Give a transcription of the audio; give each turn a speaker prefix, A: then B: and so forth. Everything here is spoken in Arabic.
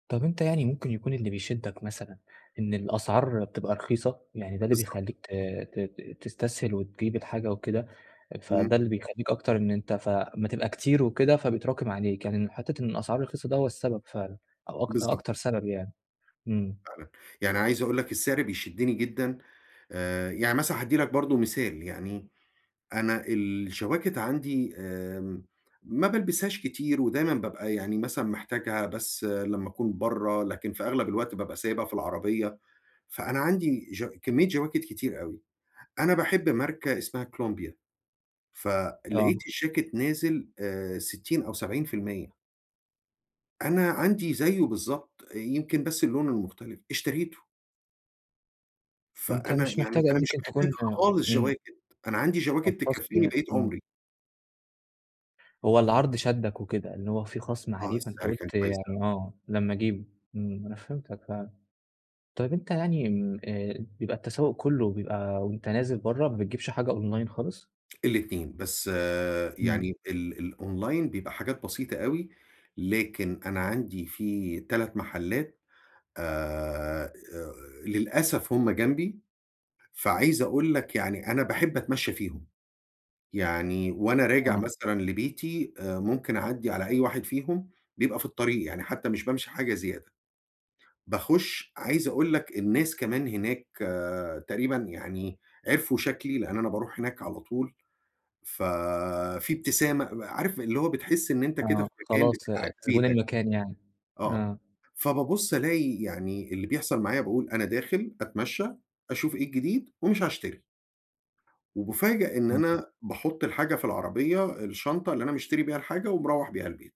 A: طب أنت يعني ممكن يكون اللي بيشدك مثلًا إن الأسعار بتبقى رخيصة؟ يعني ده اللي
B: بالضبط.
A: بيخلّيك ت ت ت تستسهل وتجيب الحاجة وكده،
B: امم.
A: فده اللي بيخلّيك أكتر إن أنت فأما تبقى كتير وكده فبيتراكم عليك، يعني إن حتّة إن الأسعار رخيصة ده هو السبب فعلًا أو أك
B: بالضبط.
A: أكتر سبب يعني؟ إمم.
B: فعلًا، يعني عايز أقول لك السِّعر بيشدني جدًا آآ، يعني مثلًا هادّي لك برضو مثال يعني، أنا الجواكت عندي آمم، ما بالبسهاش كتير، ودايمًا بابقى يعني مثلًا محتاجها بس لمّا أكون برّه، لكن في أغلب الوقت بابقى سايبها في العربيّة، فأنا عندي ج كميّة جواكت كتير أوي، أنا باحب ماركة اسمها كولومبيا،
A: آه.
B: فلقيت الجاكت نازل آآ، 60 أو 70%. أنا عندي زيه بالضبط، يمكن بس اللونه مختلف، اشتريته.
A: وأنت
B: فأنا
A: مش
B: يعني
A: محتاج
B: أنا
A: أوي
B: مش
A: ممكن
B: محتاج
A: تكون
B: خالص
A: إمم.
B: جواكت، أنا عندي
A: كان
B: جواكت
A: خصْم
B: تكفيني
A: يعني،
B: بقية
A: إمم.
B: عمري.
A: هو العرض شدَّك وكده، إن هو فيه خصْم
B: آه،
A: عليه فأنت
B: السِّعر كان
A: قُلت
B: كويس
A: يعني
B: أوي.
A: آه، لمّا أجيبه، امم، أنا فهِمتك فعلًا، طيّب أنت يعني امم بيبقى التسوق كلّه بيبقى وأنت نازل برّه ما بتجيبش حاجة أونلاين خالص؟
B: ال2 بس
A: إمم.
B: يعني ال الأونلاين بيبقى حاجات بسيطة أوي، لكن أنا عندي فيه 3 محلات آآ، للأسف هم جنبي فعايز أقول لك يعني أنا باحب أتمشّى فيهم، يعني وأنا راجع
A: آه.
B: مثلًا لبيتي ممكن أعدّي على أي واحد فيهم، بيبقى في الطريق يعني حتّى مش بامشي حاجة زيادة، باخش عايز أقول لك الناس كمان هناك آآ، تقريبًا يعني عرفوا شكلي، لأن أنا باروح هناك على طول ففيه إبتسامة، عارف اللي هو بتحس إن أنت كده في
A: آه،
B: مكان
A: خلاص
B: بتاعك
A: زبون
B: بيتك.
A: المكان يعني.
B: آه،
A: آه.
B: فبابص ألاقي يعني اللي بيحصل معايا باقول أنا داخل أتمشى، أشوف إيه الجديد ومش هاشتري. وبافاجأ إن
A: امم.
B: أنا باحط الحاجة في العربيّة الشنطة اللي أنا مشتري بيها الحاجة، ومروّح بيها البيت.